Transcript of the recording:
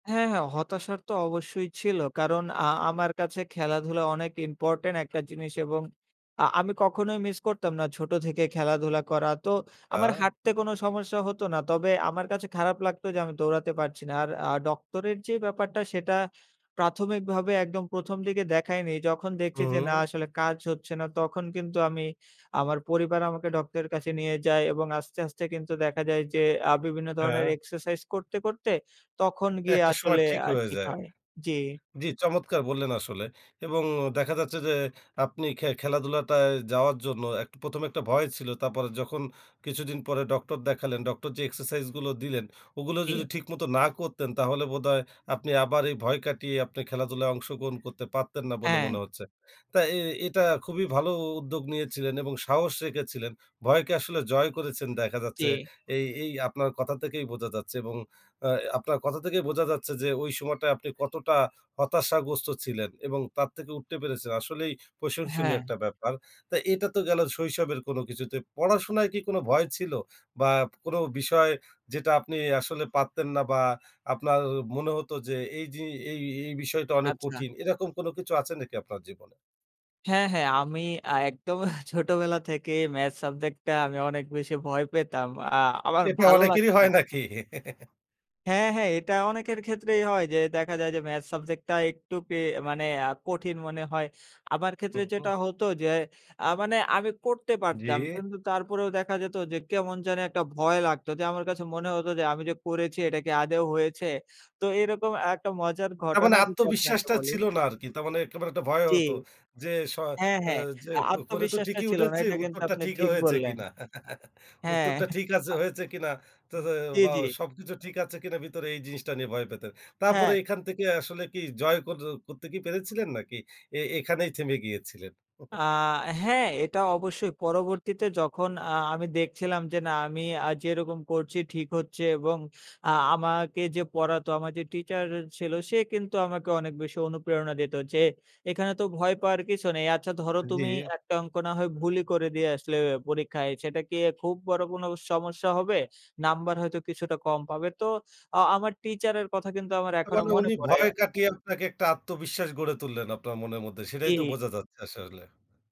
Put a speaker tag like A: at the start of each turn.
A: হ্যাঁ, হ্যাঁ। হতাশার তো অবশ্যই ছিল। কারণ, আ আমার কাছে খেলাধুলা অনেক ইম্পোর্টেন্ট একটা জিনিস এবং আ আমি কখনোই মিস করতাম না। ছোট থেকে খেলাধুলা করা, তো আমার
B: আ
A: হাঁটতে কোনো সমস্যা হত না। তবে আমার কাছে খারাপ লাগত যে আমি দৌড়াতে পারছি না। আর আ ডক্টরের যে ব্যাপারটা, সেটা প্রাথমিকভাবে একদম ১ম দিকে দেখায়নি। যখন দেখছি যে না,
B: উহুম।
A: আসলে কাজ হচ্ছে না, তখন কিন্তু আমি, আমার পরিবার আমাকে ডক্টরের কাছে নিয়ে যায়। এবং আস্তে, আস্তে কিন্তু দেখা যায় যে, আ বিভিন্ন ধরনের
B: হ্যাঁ।
A: এক্সারসাইজ করতে, করতে তখন গিয়ে
B: একটা সময়
A: আসলে
B: ঠিক
A: আ
B: হয়ে
A: ঠিক
B: যায়।
A: হয়, জি।
B: জি, চমৎকার বললেন আসলে এবং দেখা যাচ্ছে যে, আপনি খে খেলাধুলাটায় যাওয়ার জন্য এক ১ম এ একটা ভয় ছিল। তারপরে যখন কিছুদিন পরে ডক্টর দেখালেন, ডক্টর যে এক্সারসাইজগুলো দিলেন, ওগুলো
A: কে?
B: যদি ঠিকমতো না করতেন, তাহলে বোধহয় আপনি আবার এই ভয় কাটিয়ে আপনি খেলাধুলায় অংশগ্রহণ করতে পারতেন না বলে মনে
A: হ্যাঁ।
B: হচ্ছে। তাই এ এটা খুবই ভালো উদ্যোগ নিয়েছিলেন এবং সাহস রেখেছিলেন। ভয়কে আসলে জয় করেছেন, দেখা যাচ্ছে।
A: যে।
B: এই এই আপনার কথা থেকেই বোঝা যাচ্ছে এবং আ আপনার কথা থেকেই বোঝা যাচ্ছে যে, ওই সময়টায় আপনি কতটা হতাশাগ্রস্ত ছিলেন এবং তার থেকে উঠতে পেরেছেন। আসলেই প্রশংসনীয়
A: হ্যাঁ।
B: একটা ব্যাপার। তো এটা তো গেল শৈশবের কোনো কিছুতে। পড়াশোনায় কি কোনো ভয় ছিল, বা কোনো বিষয় যেটা আপনি আসলে পারতেন না বা আপনার মনে হত যে এই যে এই এই বিষয়টা অনেক
A: আচ্ছা।
B: কঠিন? এরকম কোনো কিছু আছে নাকি আপনার জীবনে?
A: হ্যাঁ, হ্যাঁ, আমি আ একদম ছোটবেলা থেকেই ম্যাথস সাবজেক্ট টা অনেক বেশি ভয় পেতাম। আ আমার
B: এটা
A: ভালো
B: অনেকেরই
A: লাগত
B: হয়
A: না।
B: নাকি?
A: হ্যাঁ হ্যাঁ, এটা অনেকের ক্ষেত্রেই হয় যে দেখা যায় যে ম্যাথস সাবজেক্টটা একটু পেয়ে মানে আ কঠিন মনে হয়। আমার ক্ষেত্রে
B: হুম, হুম।
A: যেটা হতো যে, আ মানে আমি করতে পারতাম।
B: জি।
A: কিন্তু তারপরেও দেখা যেত যে কেমন জানি একটা ভয় লাগত, যে আমার কাছে মনে হত যে আমি যে করেছি, এটা কি আদৌ হয়েছে? তো এরকম একটা মজার
B: তার মানে
A: ঘটনা যদি আপনাকে
B: আত্মবিশ্বাসটা
A: বলি।
B: ছিল না আরকি। তার মানে একেবারে একটা ভয়
A: জী।
B: হতো, যে শ
A: হ্যাঁ,
B: আ
A: হ্যাঁ।
B: যে
A: আ
B: করে তো
A: আত্মবিশ্বাসটা
B: ঠিকই
A: ছিল না
B: উঠেছে,
A: এটা কিন্তু
B: উত্তরটা
A: আপনি
B: ঠিক
A: ঠিক
B: হয়েছে
A: বললেন,
B: কিনা।
A: হ্যাঁ।
B: উত্তরটা ঠিক আছে হয়েছে কিনা, তো তো
A: জি,
B: বা
A: জি।
B: সবকিছু ঠিক আছে কিনা, ভিতরে এই জিনিসটা নিয়ে ভয় পেতেন। তারপরে
A: হ্যাঁ।
B: এখান থেকে আসলে কি জয় কর করতে পেরেছিলেন, নাকি এ এখানেই থেমে গিয়েছিলেন?
A: আ হ্যাঁ, এটা অবশ্যই। পরবর্তীতে যখন আ আমি দেখছিলাম যে না, আমি আ যেরকম করছি ঠিক হচ্ছে, এবং আ আমাকে যে পড়াতো, আমার যে টিচার ছিল, সে কিন্তু আমাকে অনেক বেশি অনুপ্রেরণা দিত যে এখানে তো ভয় পাওয়ার কিছু নেই। আচ্ছা ধরো,
B: জি।
A: তুমি একটা অঙ্ক না হয় ভুলই করে দিয়ে আসলে পরীক্ষায়, সেটা কি খুব বড় কোনো সমস্যা হবে? নাম্বার হয়তো কিছুটা কম পাবে। তো আ আমার টিচারের কথা কিন্তু আমার
B: তা
A: এখনো
B: মানে,
A: মনে
B: উনি
A: পড়ে।
B: ভয় কাটিয়ে আপনাকে একটা আত্মবিশ্বাস গড়ে তুললেন আপনার মনের মধ্যে। সেটাই তো
A: জি।
B: বোঝা যাচ্ছে আসলে।